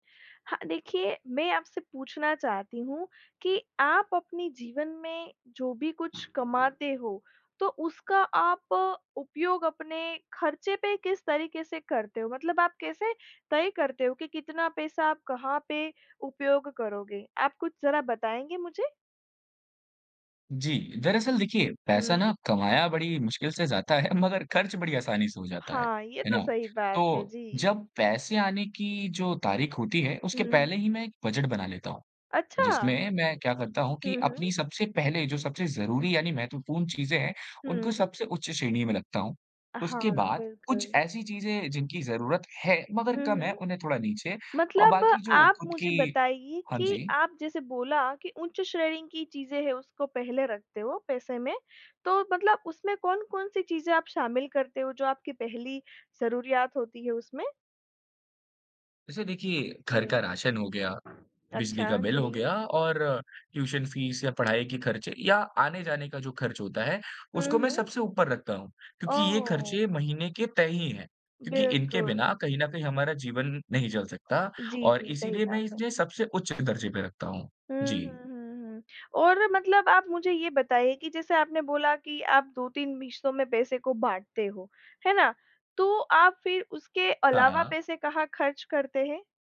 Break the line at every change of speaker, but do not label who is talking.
हाँ, देखिए, मैं आपसे पूछना चाहती हूँ कि आप अपने जीवन में जो भी कुछ कमाते हो, तो उसका आप उपयोग अपने खर्चे पे किस तरीके से करते हो? मतलब आप कैसे तय करते हो कि कितना पैसा आप कहाँ पे उपयोग करोगे, आप कुछ ज़रा बताएँगे मुझे?
जी, दरअसल, देखिए पैसा
हुँ।
ना कमाया बड़ी मुश्किल से जाता है मगर खर्च बड़ी आसानी से हो जाता है,
हाँ, ये
है
तो
ना।
सही बात है।
तो
जी।
जब पैसे आने की जो तारीख होती है,
हुँ,
उसके पहले
हुँ।
ही मैं एक बजट बना लेता हूँ,
अच्छा!
जिसमें मैं क्या करता हूँ
हुँ,
कि
हुँ।
अपनी सबसे पहले जो सबसे ज़रूरी यानि महत्वपूर्ण चीज़ें हैं, उनको
हुँ।
सबसे उच्च श्रेणी में रखता हूँ।
अ, हाँ,
उसके बाद कुछ
बिल्कुल।
ऐसी चीज़ें जिनकी ज़रूरत है मगर
हुँ,
कम है,
हुँ।
उन्हें थोड़ा नीचे, और
मतलब
बाकी जो
आप
खुद
मुझे
की
बताइए
हाँ
कि
जी।
आप जैसे बोला कि उच्च श्रेणी की चीज़ें है, उसको पहले रखते हो पैसे में, तो मतलब उसमें कौन-कौन सी चीज़ें आप शामिल करते हो जो आपकी पहली ज़रूरियात होती है उसमें?
वैसे देखिए, घर
हुँ।
का राशन हो गया, बिजली
अच्छा,
का बिल हो
जी।
गया, और ट्यूशन फीस या पढ़ाई के खर्चे, या आने-जाने का जो खर्च होता है, उसको मैं
हुँ, हुँ।
सबसे ऊपर रखता हूँ क्योंकि ये
ओह!
खर्चे महीने के तय ही हैं। क्योंकि इनके
बिल्कुल।
बिना कहीं न कहीं हमारा जीवन नहीं चल सकता,
जी,
और
जी, सही
इसीलिए
बात
मैं इस
है।
ने सबसे उच्च दर्जे पे रखता हूँ।
हुँ,
जी।
हुँ, हुँ, हुँ। और मतलब आप मुझे ये बताइए कि जैसे आपने बोला कि आप 2-3 हिस्सों में पैसे को बाँटते हो, है ना? तो आप फिर उसके
हाँ,
अलावा
हाँ।
पैसे कहाँ खर्च करते हैं?